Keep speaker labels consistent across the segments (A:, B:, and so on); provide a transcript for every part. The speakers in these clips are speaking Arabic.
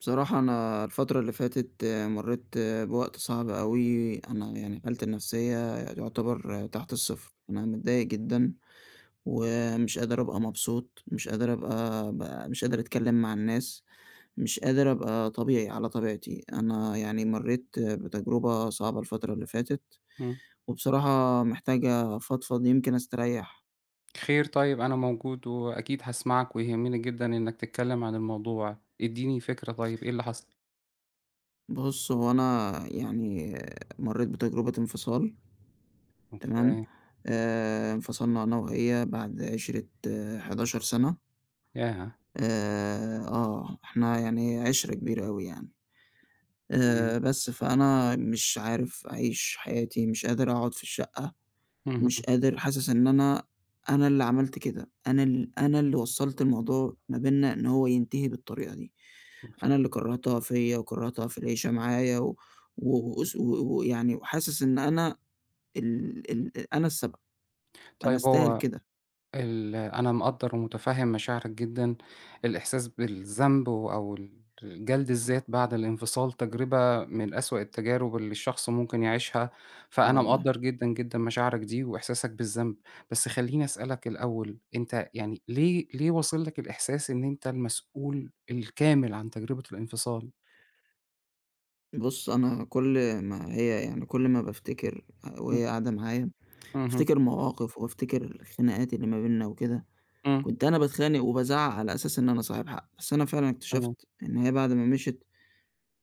A: بصراحة أنا الفترة اللي فاتت مريت بوقت صعب أوي. أنا يعني حالتي النفسية يُعتبر تحت الصفر. أنا متضايق جدًا، ومش قادر أبقى مبسوط، مش قادر أبقى أبقى مش قادر أتكلم مع الناس، مش قادر أبقى طبيعي، على طبيعتي. أنا يعني مريت بتجربة صعبة الفترة اللي فاتت
B: إمم.
A: وبصراحة محتاج أفضفض يمكن أستريّح.
B: خير، طيب، أنا موجود، وأكيد هاسمعك ويهمني جدًا إنك تتكلم عن الموضوع. ادّيني فكرة طيب، إيه اللي حصل؟
A: بُص، هو أنا يعني مريت بتجربة انفصال. تمام؟
B: أوكي.
A: آآ، انفصلنا أنا وهي بعد عِشرِة 11 سنة.
B: ياه!
A: آآ، آه، إحنا يعني عِشرة كبيرة أوي يعني.
B: إمم.
A: آآ، بس فأنا مش عارف أعيش حياتي، مش قادر أقعد في الشقة، مش
B: اهم.
A: قادر حاسس إن أنا أنا اللي عملت كده، أنا ال أنا اللي وصّلت الموضوع ما بيننا إن هو ينتهي بالطريقة دي. أنا
B: [unintelligible]
A: اللي كرّهتها فيّا وكرّهتها في العيشة معايا و و واس و ويعني وحاسس إن أنا ال ال أ أنا السبب. أنا
B: طيب،
A: أستاهل
B: هو
A: كده.
B: ال أنا مقدر ومُتفهم مشاعرك جدًا. الإحساس بالذنب و أو ال جلد الذات بعد الانفصال، تجربة من أسوأ التجارب اللي الشخص ممكن يعيشها،
A: آه،
B: فأنا
A: والله.
B: مقدر جدًا جدًا مشاعرك دي وإحساسك بالذنب. بس خليني أسألك الأول أنت يعني ليه ليه واصِل لك الإحساس إن أنت المسؤول الكامل عن تجربة الانفصال؟
A: بُص، أنا كل ما هي يعني كل ما بافتكر آآ
B: إمم.
A: وهي قاعدة معايا،
B: اهم.
A: بافتكر مواقف وأفتكر الخناقات اللي ما بيننا وكده.
B: إمم.
A: كنت أنا باتخانق وبازعِّق على أساس إن أنا صاحب حق. بس أنا فعلًا
B: تمام.
A: اكتشفت إن هي، بعد ما مشيت،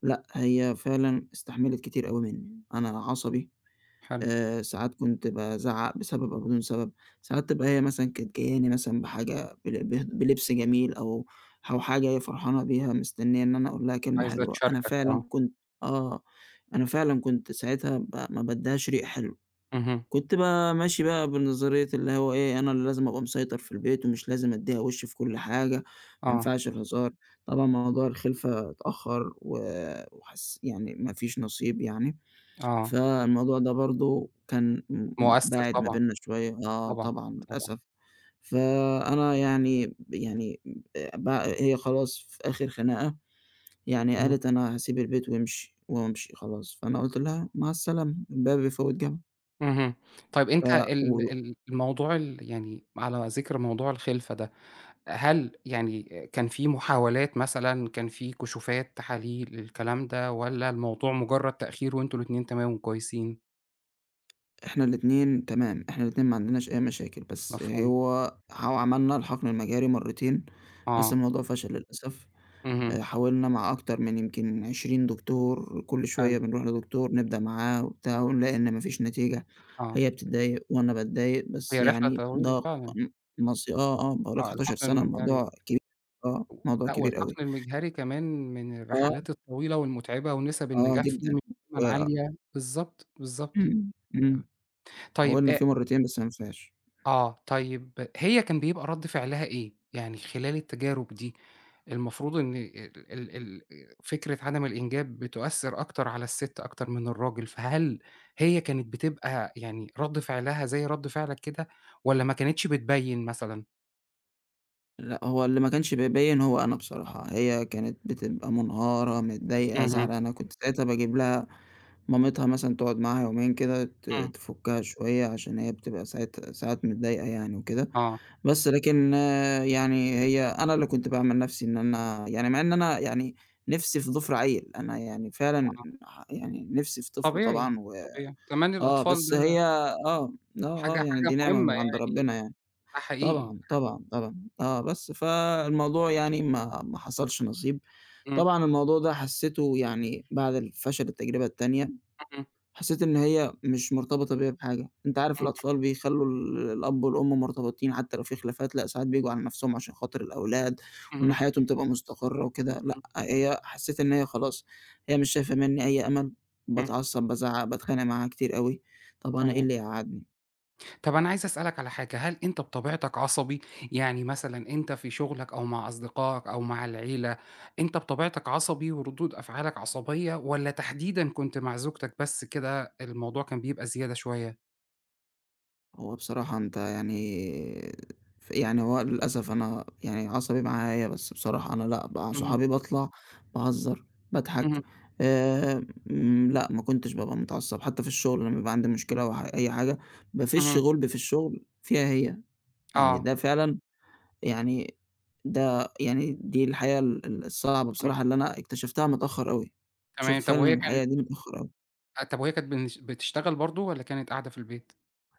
A: لأ، هي فعلًا استحملت كتير أوي مني. أنا عصبي،
B: حلو.
A: آآ ساعات كنت بازعِّق بسبب أو بدون سبب. ساعات تبقى هي مثلًا كانت جاياني مثلًا بحاجة، بلب بل بلبس جميل، أو أو حاجة هي جاية فرحانة بيها، مستنية إن أنا أقول لها كلمة
B: عايزة
A: حلوة. أنا
B: تشاركك
A: فعلًا
B: آه.
A: كنت آه، أنا فعلًا كنت ساعتها ما ما بادِّيهاش ريق حلو.
B: اهم.
A: كنت ب ماشي بقى بنظرية اللي هو إيه، أنا اللي لازم أبقى مسيطر في البيت، ومش لازم أدِّيها وِش في كل حاجة، ما
B: آه.
A: ينفعش الهزار. طبعًا موضوع الخِلفة اتأخَّر، و وحس يعني ما فيش نصيب يعني.
B: آه.
A: فالموضوع ده برضه كان م م
B: مُؤثِر
A: باعِد ما
B: طبعًا.
A: بيننا شوية. آه،
B: طبعًا،
A: طبعًا،
B: طبعًا.
A: للأسف. فأنا يعني يعني، أ ب هي خلاص، في آخر خناقة، يعني
B: اهم.
A: قالت: "أنا هاسيب البيت وامشي وامشي خلاص." فأنا قُلت لها: "مع السلامة، الباب يفوِّت جَمَل."
B: اهم. طيب،
A: ف
B: أنت
A: و و
B: ال ال الموضوع ال يعني على ذِكر موضوع الخلفة ده، هل يعني آآ كان فيه محاولات مثلًا، كان فيه كشوفات، تحاليل، الكلام ده والَّا الموضوع مُجرد تأخير وأنتم الاتنين تمام وكويسين؟
A: إحنا الاتنين تمام، إحنا الاتنين ما عندناش أي مشاكل، بس
B: مفهوم.
A: هو ح وعملنا الحقْن المجهري مرّتين، بس
B: آه.
A: الموضوع فشَل للأسف.
B: اهم.
A: آآ، حاولنا مع أكتر من يمْكِن 20 دكتور، كلّ
B: حلو.
A: شوية بنرُوح لدكتور نبدأ معاه وبتاع ونلاقي إن مفيش نتيجة.
B: آه.
A: هي بتتضايق وأنا باتضايق بس
B: هي رحلة
A: يعني
B: طويلة
A: ده ق
B: فعلًا.
A: مص آه، آه، باقول لك
B: آه،
A: 11
B: الحَقْن
A: سَنَة،
B: المِجهري.
A: الموضوع كبير. آه الموضوع
B: لأ،
A: كبير أوي.
B: والحَقْن المِجهري كمان من
A: آه.
B: الرحلات الطويلة والمُتعِبة ونِسَب
A: آه
B: النجاح فيه
A: جدًا،
B: مش دايمًا
A: و
B: عالية. بالضبط، بالضبط.
A: إمم، إمم.
B: تمام. طيب
A: وحاولنا
B: أ
A: فيه مرّتين بس ما نفِعش.
B: آه، طيب هي كان بيبقى رَد فِعلها إيه؟ يعني خلال التجارب دي المفروض إن ال ال ال فكرة عدم الإنجاب بتؤثِّر أكتر على الست أكتر من الراجل، فهل هي كانت بتبقى يعني رَد فِعلها زي رَد فِعلك كده، والّا ما كانتش بتبيّن مثلًا؟
A: لأ، هو اللي ما كانش بيبيّن هو أنا بصراحة. هي كانت بتبقى مُنهارة، متضايقة،
B: اهم.
A: زعلانة. كنت ساعتها باجيب لها مامتها مثلًا تقعُد معاها يومين كده ت
B: إمم.
A: تفُكّها شوية عشان هي بتبقى ساعات ساعات متضايقة يعني وكده.
B: آه.
A: بس لكن يعني هي أنا اللي كنت باعمل نَفسي إن أنا يعني مع إن أنا يعني نِفسي في ضِفر عيّل، أنا يعني فعلًا
B: آه.
A: ح يعني نِفسي في طفل
B: طبيعي،
A: طبعًا و
B: طبيعي. كمان
A: آه،
B: الأطفال
A: بس
B: ده
A: هي آه، آه، آه،
B: حاجة
A: يعني
B: حاجة
A: دي نعمة
B: مُهمّة
A: من عَند
B: يعني.
A: ربّنا يعني.
B: ده حقيقي
A: طبعًا،
B: [unintelligible]
A: طبعًا، طبعًا. آه بس فالموضوع يعني ما ما حصَلش نصيب.
B: إمم.
A: طبعًا الموضوع ده حسّيته يعني بعد الفشل التجربة التانية.
B: إمم.
A: حسّيت إن هي مش مرتبطة بيَّ بحاجة. أنت عارف
B: إمم.
A: الأطفال بيخلّوا الأب والأم مرتبِطين حتى لو في خلافات، لأ ساعات بييجوا على نَفْسهم عشان خاطر الأولاد وإن
B: إمم.
A: حياتهم تبقى مستقرِّة وكده. لأ
B: إمم.
A: هي حسّيت إن هي خلاص، هي مش شايفة منّي أي أمَل.
B: إمم.
A: باتعصّب، بازعّق، باتخانق معاها كتير أوي. طَب أنا إيه
B: تمام.
A: اللي يقعّدني.
B: طَب أنا عايز أسألك على حاجة، هل أنت بطبيعتك عصبي؟ يعني مثلًا أنت في شغلك أو مع أصدقائك أو مع العِيلة، أنت بطبيعتك عصبي وردود أفعالك عصبية، والّا تحديدًا كنت مع زوجتك بس كده الموضوع كان بيبقى زيادة شوية؟
A: هو بصراحة أنت يعني ف يعني هو للأسف أنا يعني عصبي معاها هي، بس بصراحة أنا لأ مع
B: اهم.
A: صُحابي باطلَع، باهزّر، باضحك.
B: اهم.
A: آمم لأ ما كنتش بابقى متعصب، حتى في الشغل لمّا بيبقى عندي مشكلة أو ح أي حاجة، بافشّ
B: اهم.
A: غُلبي في الشغل فيها هي. يعني
B: آه.
A: ده فعلًا يعني ده يعني دي الحقيقة ال ال الصعبة
B: إمم.
A: بصراحة اللي أنا اكتشفتها متأخر أوي. اكتشفت
B: تمام. طَب
A: فعلًا
B: وهي كانت
A: الحقيقة دي متأخر أوي.
B: أ طَب وهي كانت بنش بتشتغل برضه، والّا كانت قاعدة في البيت؟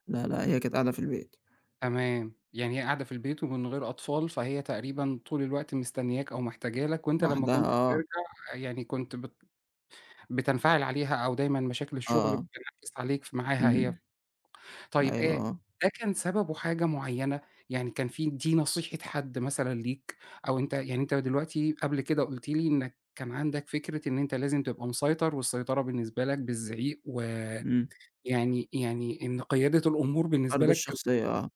A: لا، لأ هي كانت قاعدة في البيت.
B: تمام. يعني هي قاعدة في البيت ومن غير أطفال، فهي تقريبًا طُول الوقت مستنياك أو محتاجة لك، وأنت لمّا
A: وحدها
B: كنت
A: آه.
B: بترجَع يعني كنت بت بتنفعل عليها أو دايمًا مشاكل
A: آه.
B: الشغل
A: آه.
B: بتنعكس عليك ف معاها هي.
A: إمم.
B: طيب
A: أيوه،
B: آآ
A: آه.
B: ده كان سببه حاجة معينة؟ يعني كان في دي نصيحة حد مثلًا ليك، أو أنت يعني أنت دلوقتي قبل كده قُلت لي إنك كان عندك فكرة إن أنت لازم تبقى مسيطر، والسيطرة بالنسبة لك بالزعيق، و
A: إمم.
B: يعني يعني إن قيادة الأمور بالنسبة
A: فرْض
B: لك ك
A: الشخصية آه.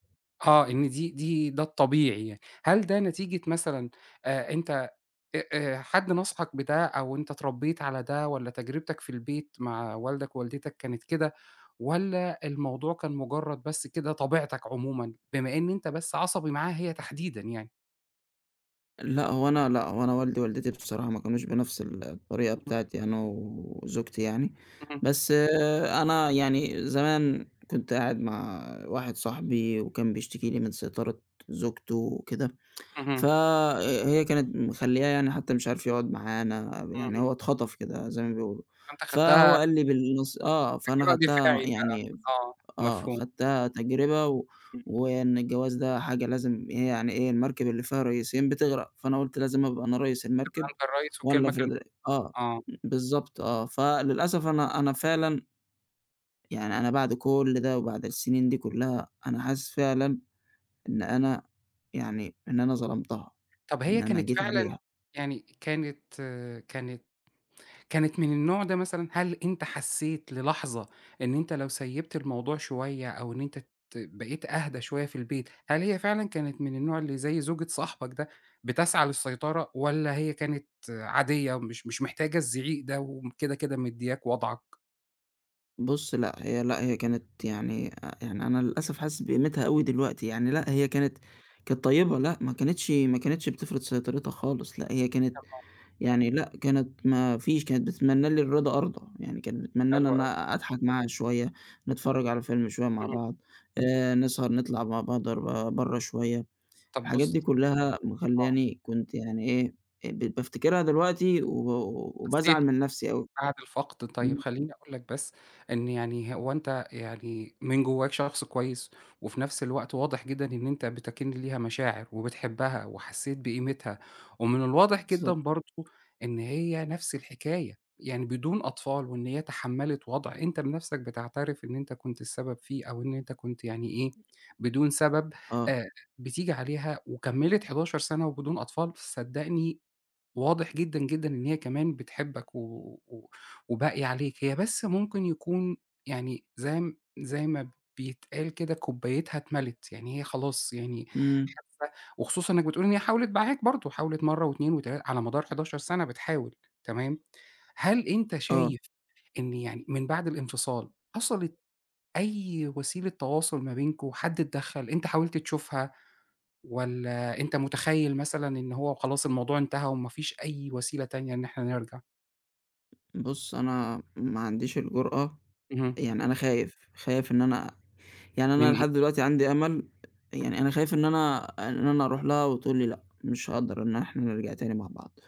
B: آه إن دي دي ده الطبيعي يعني. هل ده نتيجة مثلًا آآ أنت أ أ حد نصَحك بده، أو أنت اتربيت على ده، والّا تجربتك في البيت مع والدك ووالدِتك كانت كده؟ والّا الموضوع كان مجرد بس كده طبيعتك عمومًا؟ بما إن أنت بس عصبي معاها هي تحديدًا يعني.
A: لأ هو أنا لأ، هو أنا والدي ووالدتي بصراحة ما كانوش بنَفْس ال الطريقة
B: اهم.
A: بتاعتي أنا وزوجتي يعني.
B: اهم.
A: بس أنا يعني زمان كنت قاعد مع واحد صاحبي، وكان بيشتكي لي من سيطرة زوجته وكده. ف
B: اهم.
A: ه هي كانت مخلّياه يعني حتى مش عارف يقعد معانا، ب يعني
B: اهم.
A: هو اتخطف كده زَي ما بيقولوا.
B: أنت
A: فهو
B: خدتها
A: قال لي بالنَص آه، فأنا
B: [unintelligible]
A: خدتها
B: دفاعي بقا.
A: يعني
B: آه،
A: آه
B: مفهوم.
A: اخدتها تجربة و
B: إمم.
A: وإن الجواز ده حاجة لازم إيه يعني إيه المركب اللي فيها ريسين بتغرق. فأنا قُلت لازم أبقى أنا ريس المركب،
B: تبقى أنت الريّس،
A: وأنا اللي
B: والكلمة
A: أفرض رأ
B: كلمتك.
A: آه
B: آه.
A: بالضبط آه. فللأسف أنا أنا فعلًا يعني أنا بعد كُلّ ده، وبعد السنين دي كُلّها، أنا حاسس فعلًا إن أنا يعني إن أنا ظلمتها،
B: طَب
A: إن
B: هي
A: أنا
B: كانت
A: جيت
B: فعلًا
A: عليها.
B: يعني كانت كانت كانت من النوع ده مثلًا؟ هل أنت حسيت للحظة إن أنت لو سيّبت الموضوع شوية أو إن أنت ت بقيت أهدا شوية في البيت، هل هي فعلًا كانت من النوع اللي زَي زوجة صاحبك ده بتسعى للسيطرة؟ والّا هي كانت عادية ومش مش محتاجة الزعيق ده، وم كده كده مدّياك وضعك؟
A: بُص لأ، هي لأ هي كانت يعني آآ، يعني أنا للأسف حاسس بقيمتها أوي دلوقتي يعني لأ
B: [unintelligible]
A: هي كانت كانت طيّبة لأ، ما كانتش ما كانتش بتفرض سيطرتها خالص لأ، هي كانت
B: طبعًا.
A: يعني لأ كانت ما فيش كانت بتتمنّى لي الرضا أرضى، يعني كانت بتتمنّى إن
B: حلو أوي.
A: أنا أضحك معاها شوية، نتفرج على فيلم شوية مع
B: اهم.
A: بعض آآ، نسهر نطلع مع بعض ر برة شوية
B: طَب
A: الحاجات
B: بُص
A: دي كلها
B: آه.
A: مخلّياني كنت يعني إيه آآ، بقيت بافتكرها دلوقتي و
B: حسّيت
A: وبازعل من نَفْسي أوي،
B: بعد الفقْد طيب
A: إمم.
B: خلّيني أقول لك بس، إن يعني هو أنت يعني من جواك شخص كويس، وفي نَفْس الوقت واضح جدًا إن أنت بتَكِن ليها مشاعر، وبتحبها وحسّيت بقيمتها، ومن الواضح جدًا
A: بالضبط.
B: برضه إن هي نفس الحكاية، يعني بدون أطفال وإن هي تحملت وضع أنت بنَفْسك بتعترف إن أنت كنت السبب فيه أو إن أنت كنت يعني إيه، بدون سبب
A: آه.
B: آآ، بتيجي عليها وكمّلِت 11 سنة وبدون أطفال، صدّقني واضح جدًا، جدًا إن هي كمان بتحبّك و و وباقية عليك، هي بس ممكن يكون يعني زي زي ما بيتقال كده كوبايتْها اتْمَلِت، يعني هي خلاص يعني
A: إمم.
B: [unintelligible] وخصوصًا إنك بتقول إن هي حاولت معاك برضه حاولت مرة و2 و3 على مدار 11 سنة بتحاول تمام، هل أنت
A: آه.
B: شايف إن يعني من بعد الانفصال حصلِت أي وسيلة تواصل ما بينكم، حد اتدخل، أنت حاولت تشوفها، والّا أنت مُتخيّل مثلًا إن هو خلاص الموضوع انتهى وما فيش أي وسيلة تانية إن إحنا نرجع؟
A: بُص أنا ما عنديش الجرأة
B: اهم.
A: يعني أنا خايف، خايف إن أنا يعني
B: من
A: أنا
B: إيه؟
A: لحد دلوقتي عندي أمل،
B: إمم.
A: يعني أنا خايف إن أنا إن أنا أرُوح لها وتقول لي لأ، مش هاقدَر إن إحنا نرجَع تاني مع بعض.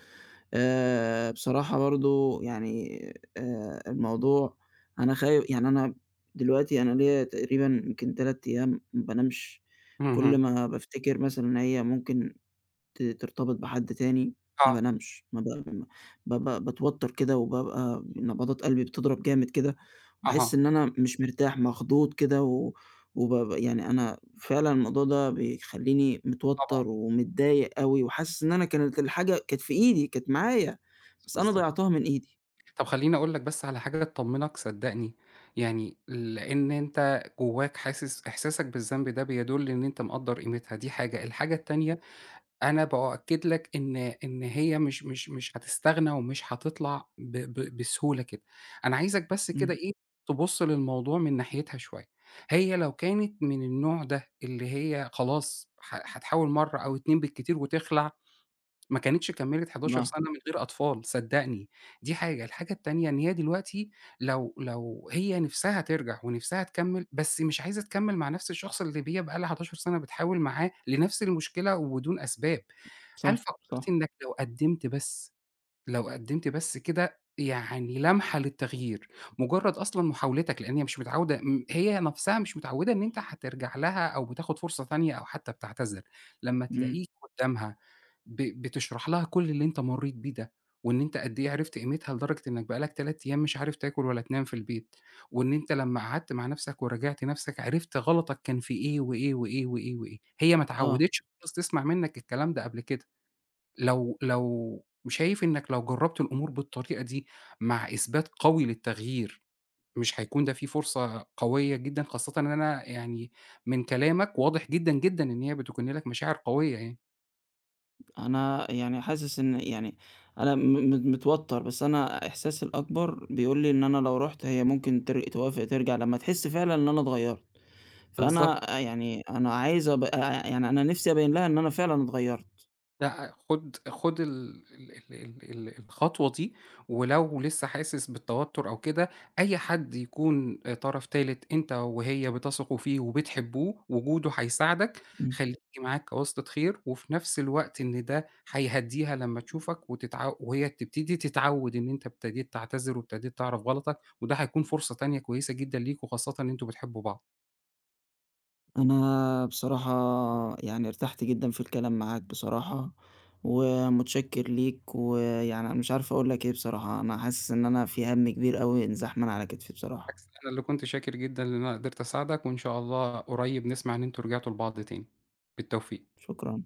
A: آآ، بصراحة برضه يعني آآ، الموضوع أنا خاي يعني أنا دلوقتي أنا ليّا تقريبًا يمْكِن 3 أيام ما بانامش. كُلّ
B: اهم.
A: ما بافتكر مثلًا إن هي ممكن ت ترتبط بحد تاني ما
B: آه.
A: بانامش. ما ب ما ب ب باتوتر كده وبابقى نبضات قلبي بتضَرب جامد كده، وباحس
B: أها.
A: إن أنا مش مرتاح، مخضوض كده، و وبابقى يعني أنا فعلًا الموضوع ده بيخلّيني
B: طبعًا.
A: متوتر ومتضايق أوي، وحاسس إن أنا كانت الحاجة كانت في إيدي، كانت معايا، بس أنا
B: بالضبط.
A: ضيعتها من إيدي.
B: طَب خلّيني أقول لك بس على حاجة تطمنك صدقني. يعني لإن أنت جواك حاسس إحساسك بالذنب ده بيدل إن أنت مقدّر قيمتها دي حاجة، الحاجة التانية أنا بأكد لك إن إن هي مش مش مش هتستغنى ومش هتطلَع ب ب بسهولة كده. أنا عايزك بس
A: إمم.
B: كده إيه تبص للموضوع من ناحيتها شوية. هي لو كانت من النوع ده، اللي هي خلاص ح هتحاول مرّة أو اتنين بالكتير وتخلع، ما كانتش كملت 11
A: [unintelligible]
B: سنة من غير أطفال صدقني دي حاجة، الحاجة التانية إن هي دلوقتي لو لو هي نِفسها ترجَع ونِفسها تكمّل بس مش عايزة تكمّل مع نَفْس الشخص اللي هي بقى لها 11 سنة بتحاول معاه لنَفْس المشكلة وبدون أسباب.
A: صح،
B: هل فكرت
A: صح.
B: إنك لو قدّمت بس، لو قدّمت بس كده يعني لمحة للتغيير، مجرد أصلًا محاولتك لإن هي مش متعودة م هي نَفْسها مش متعودة إن أنت هترجَع لها أو بتاخد فرصة تانية أو حتى بتعتذر. لمّا
A: إمم.
B: تلاقيك قدامها ب بتشرَح لها كُلّ اللي أنت مريت بيه ده، وإن أنت قد إيه عِرفت قيمتها لدرجة إنك بقى لك 3 أيام مش عارف تاكل ولا تنام في البيت، وإن أنت لمّا قعدت مع نَفْسك وراجعت نَفْسك عِرفت غلطك كان في إيه، وإيه، وإيه، وإيه، وإيه. هي ما
A: آه.
B: اتعودتش خالص تسمَع منك الكلام ده قبل كده. لو لو شايف إنك لو جربت الأمور بالطريقة دي مع إثبات قوي للتغيير، مش هيكُون ده فيه فرصة قوية جدًا؟ خاصةً إن أنا يعني من كلامك واضح جدًا، جدًا إن هي بتكُن لك مشاعر قوية يعني.
A: أنا يعني حاسس إن يعني أنا م م متوتر، بس أنا إحساسي الأكبر بيقول لي إن أنا لو رُحت هي ممكن تر توافق ترجَع لمّا تحس فعلًا إن أنا اتغيرت.
B: بالضبط.
A: فأنا يعني أنا عايز أبقى آآ، يعني أنا نِفسي أبيّن لها إن أنا فعلًا اتغيرت.
B: لأ، خد خد ال ال ال ال الخطوة دي، ولو لسه حاسس بالتوتر أو كده، أي حد يكُون طرف تالت، أنت وهي بتثقوا فيه وبتحبوه وجوده هيساعدك،
A: إمم.
B: خلّيه معاك كواسطة خير. وفي نَفْس الوقت إن ده هيهدّيها لمّا تشوفك وتتعو وهي تبتدي تتعود إن أنت ابتديت تعتذر وابتديت تعرَف غلطك، وده هيكُون فرصة تانية كويسة جدًا ليكم خاصةً إن أنتم بتحبوا بعض.
A: أنا بصراحة يعني ارتحت جدًا في الكلام معاك بصراحة، ومتشكر ليك، ويعني أنا مش عارف أقول لك إيه بصراحة. أنا حاسس إن أنا في هَمّ كبير أوي انزاح من على كتفي بصراحة.
B: بالعكس أنا اللي كنت شاكر جدًا إن أنا قِدرت أساعدك، وإن شاء الله قُريب نسمَع إن أنتم رجعِتوا لبعض تاني. بالتوفيق.
A: شكرًا.